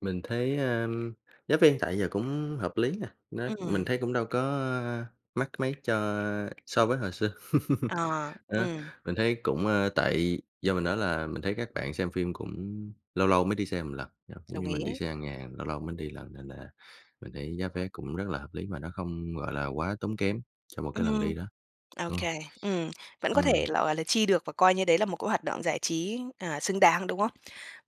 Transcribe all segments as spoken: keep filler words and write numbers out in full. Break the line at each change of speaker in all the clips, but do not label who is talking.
Mình thấy, ờm, giá viên tại giờ cũng hợp lý nè. Nó mình
Ừm.
thấy cũng đâu có mắc mấy cho a, so với hồi xưa.
Ờ,
Ờ,
ừm.
mình thấy cũng, ờ, tại do mình nói là mình thấy các bạn xem phim cũng lâu lâu mới đi xem một lần, [unintelligible] cũng
Đồng
như mình đi
ý.
xe hàng ngày, lâu lâu mới đi lần, nên là mình thấy giá vé cũng rất là hợp lý, mà nó không gọi là quá tốn kém cho một cái lần
Ừm,
đi đó,
ô
đúng hông?
kê. Ừm. Vẫn có thể
Ừm.
là, gọi là, chi được và coi như đấy là một cái hoạt động giải trí, à, xứng đáng, đúng không?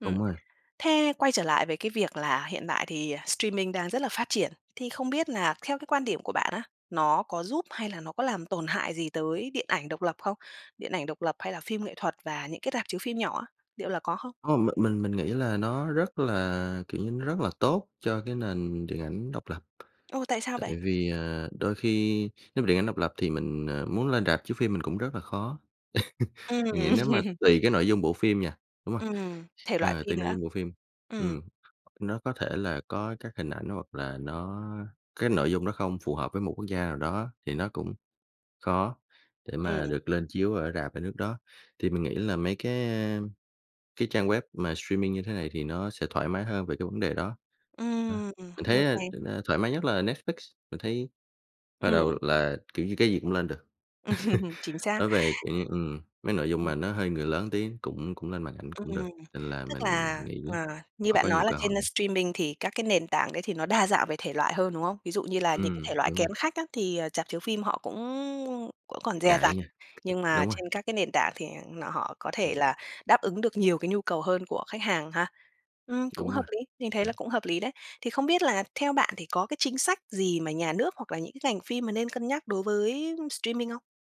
Ừm,
Đúng rồi.
thế quay trở lại với cái việc là hiện tại thì streaming đang rất là phát triển, thì không biết là theo cái quan điểm của bạn á, nó có giúp hay là nó có làm tổn hại gì tới điện ảnh độc lập không? Điện ảnh độc lập, hay là phim nghệ thuật và những cái rạp chiếu phim nhỏ á, liệu là có không?
Hông, m mình mình nghĩ là nó rất là, kiểu như, nó rất là tốt cho cái nền điện ảnh độc lập.
Ồ! Tại sao vậy?
Tại vì, à, đôi khi nếu điện ảnh độc lập thì mình, ờ, muốn lên rạp chiếu phim mình cũng rất là khó.
Ừm.
Mình nghĩ nếu mà tùy cái nội dung bộ phim nha, đúng hông?
Ừm, thể loại
Ờ,
phi
tùy nội
nữa.
dung bộ phim.
Ừm.
Ừm, nó có thể là có các hình ảnh hoặc là nó cái nội dung nó không phù hợp với một quốc gia nào đó thì nó cũng khó để
Ừm.
mà được lên chiếu ở rạp ở nước đó. Thì mình nghĩ là mấy cái, a, cái trang web mà streaming như thế này thì nó sẽ thoải mái hơn về cái vấn đề đó. Đó,
Ừm.
mình
Ô
thấy á
kê.
[unintelligible] thoải mái nhất là Netflix, mình thấy hồi đầu
Ừm.
là, kiểu, như cái gì cũng lên được.
Ừm, Chính xác.
Nói về, kiểu như, ừm, mấy nội dung mà nó hơi người lớn tí cũng cũng lên màn ảnh
Ừm,
cũng được, nên là
tức
mình
là,
nghĩ
à, như
họ có
bạn nói
nhiều
là
cơ
trên
hội.
streaming thì các cái nền tảng đấy thì nó đa dạng về thể loại hơn, đúng không? Ví dụ như là những cái thể
Ừm,
loại
đúng rồi.
kén khách á thì, à, rạp chiếu phim họ cũng cũng còn dè dặt.
Ngại nha.
Nhưng mà
Đúng rồi.
trên các cái nền tảng thì nọ họ có thể là
[unintelligible]
đáp ứng được nhiều cái nhu cầu hơn của khách hàng ha. Ừm, cũng
Đúng
hợp
rồi.
lý, mình thấy là
[unintelligible]
cũng hợp lý đấy. Thì không biết là theo bạn thì có cái chính sách gì mà nhà nước hoặc là những cái ngành phim mà nên cân nhắc đối với streaming không?